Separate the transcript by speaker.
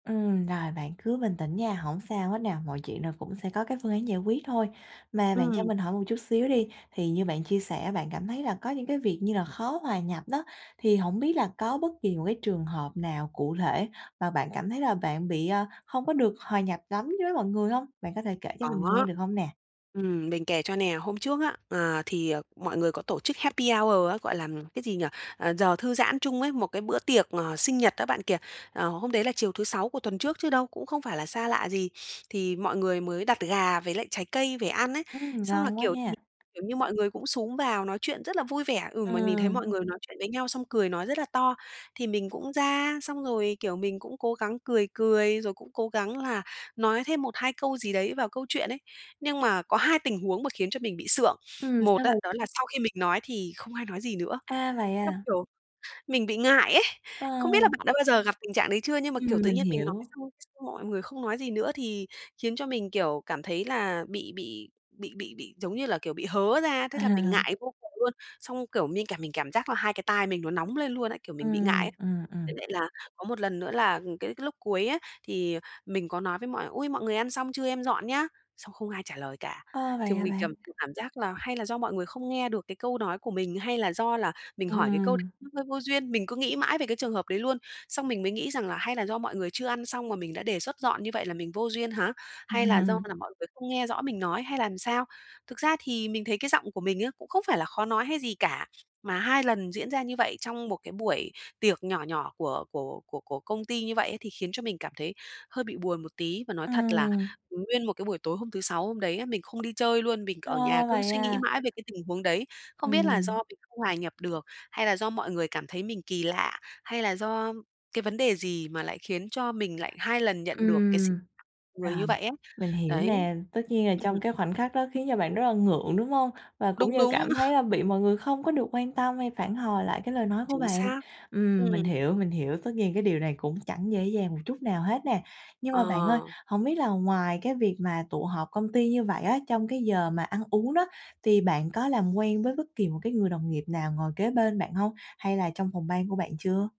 Speaker 1: Ừm, rồi, bạn cứ bình tĩnh nha, hổng sao hết nè, mọi chuyện rồi cũng sẽ có cái phương án giải quyết thôi. Mà bạn cho
Speaker 2: Ừm.
Speaker 1: mình hỏi một chút xíu đi, thì như bạn chia sẻ bạn cảm thấy là có những cái việc như là khó hòa nhập đó, thì hổng biết là có bất kỳ một cái trường hợp nào cụ thể và bạn cảm thấy là bạn bị, a, không có được hòa nhập lắm với mọi người hông? Bạn có thể kể cho mình nghe
Speaker 2: Có.
Speaker 1: được hông nè?
Speaker 2: Ừm, mình kể cho nè, hôm trước á, à, thì, à, mọi người có tổ chức Happy Hour á, gọi là, cái gì nhỉ ờ, giờ thư giãn chung ấy, một cái bữa tiệc, ờ, sinh nhật đó bạn kìa. Ờ, hôm đấy là chiều thứ Sáu của tuần trước chứ đâu, cũng không phải là xa lạ gì, thì mọi người mới đặt gà với lại trái cây về ăn ấy,
Speaker 1: Ừm,
Speaker 2: xong là,
Speaker 1: ngon quá
Speaker 2: kiểu, thì,
Speaker 1: nha!
Speaker 2: kiểu như, mọi người cũng xúm vào nói chuyện rất là vui vẻ ừm, mà mình thấy
Speaker 1: Ừm.
Speaker 2: mọi người nói chuyện với nhau xong cười nói rất là to, thì mình cũng ra, xong rồi, kiểu, mình cũng cố gắng cười cười, rồi cũng cố gắng là nói thêm 1, 2 câu gì đấy vào câu chuyện ấy. Nhưng mà có hai tình huống mà khiến cho mình bị sượng,
Speaker 1: Ừm,
Speaker 2: một
Speaker 1: sao
Speaker 2: á,
Speaker 1: v
Speaker 2: đó là sau khi mình nói thì không ai nói gì nữa,
Speaker 1: A, vậy
Speaker 2: xong,
Speaker 1: à?
Speaker 2: kiểu, mình bị ngại ấy, không biết là
Speaker 1: Ờ.
Speaker 2: bạn đã bao giờ gặp tình trạng đấy chưa, nhưng mà, kiểu,
Speaker 1: Ừm,
Speaker 2: tự
Speaker 1: mình
Speaker 2: nhiên mình nói
Speaker 1: hiểu.
Speaker 2: xong xong mọi người không nói gì nữa thì khiến cho mình, kiểu, cảm thấy là bị bị bị bị bị, giống như là, kiểu, bị hớ ra, thế là mình
Speaker 1: À.
Speaker 2: ngại vô cùng luôn, xong, kiểu, mình cảm mình cảm giác là hai cái tai mình nó nóng lên luôn ấy, kiểu, mình bị ngại
Speaker 1: Ừm,
Speaker 2: ấy.
Speaker 1: ừm,
Speaker 2: Với
Speaker 1: ừm.
Speaker 2: lại là có một lần nữa là, ừm, cái cái lúc cuối á, thì mình có nói với mọi: "Ui, mọi người ăn xong chưa, em dọn nhá?" xong không ai trả lời cả,
Speaker 1: Ơ, vậy
Speaker 2: thì
Speaker 1: hả
Speaker 2: mình
Speaker 1: bạn?
Speaker 2: cảm mình cảm giác là hay là do mọi người không nghe được cái câu nói của mình, hay là do là mình hỏi cái câu đấy
Speaker 1: Ừm.
Speaker 2: nó hơi vô duyên, mình cứ nghĩ mãi về cái trường hợp đấy luôn. Xong mình mới nghĩ rằng là "Hay là do mọi người chưa ăn xong mà mình đã đề xuất dọn như vậy là mình vô duyên hả? Hay là do
Speaker 1: Ừm.
Speaker 2: là mọi người không nghe rõ mình nói hay là làm sao". Thực ra thì mình thấy cái giọng của mình á cũng không phải là khó nói hay gì cả, mà hai lần diễn ra như vậy trong một cái buổi tiệc nhỏ nhỏ của của của của công ty như vậy ấy thì khiến cho mình cảm thấy hơi bị buồn một tí. Và nói thật là,
Speaker 1: Ừm.
Speaker 2: ừm, nguyên một cái buổi tối hôm thứ Sáu hôm đấy á, mình không đi chơi luôn, mình
Speaker 1: Ờ,
Speaker 2: ở nhà cứ
Speaker 1: vậy
Speaker 2: suy nghĩ
Speaker 1: à?
Speaker 2: mãi về cái tình huống đấy, không biết là do
Speaker 1: Ừm.
Speaker 2: mình không hòa nhập được, hay là do mọi người cảm thấy mình kỳ lạ, hay là do cái vấn đề gì mà lại khiến cho mình lại 2 lần nhận được cái sự
Speaker 1: Ừm,
Speaker 2: người
Speaker 1: rồi,
Speaker 2: như vậy ấy,
Speaker 1: mình hiểu
Speaker 2: đấy,
Speaker 1: nè, tất nhiên là trong
Speaker 2: ừm.
Speaker 1: cái khoảnh khắc đó khiến cho bạn rất là ngượng, đúng hông? Và cũng
Speaker 2: Đúng,
Speaker 1: như là
Speaker 2: đúng.
Speaker 1: cảm thấy, a, bị mọi người không có được quan tâm hay phản hồi lại cái lời nói của
Speaker 2: Chính
Speaker 1: bạn.
Speaker 2: xác,
Speaker 1: Ừm, mình
Speaker 2: ừm.
Speaker 1: hiểu, mình hiểu, tất nhiên cái điều này cũng chẳng dễ dàng một chút nào hết nè. Nhưng mà bạn ơi,
Speaker 2: Ờ.
Speaker 1: hổng biết là ngoài cái việc mà tụ họp công ty như vậy á, trong cái giờ mà ăn uống đó, thì bạn có làm quen với bất kỳ một cái người đồng nghiệp nào ngồi kế bên bạn hông? Hay là trong phòng ban của bạn chưa?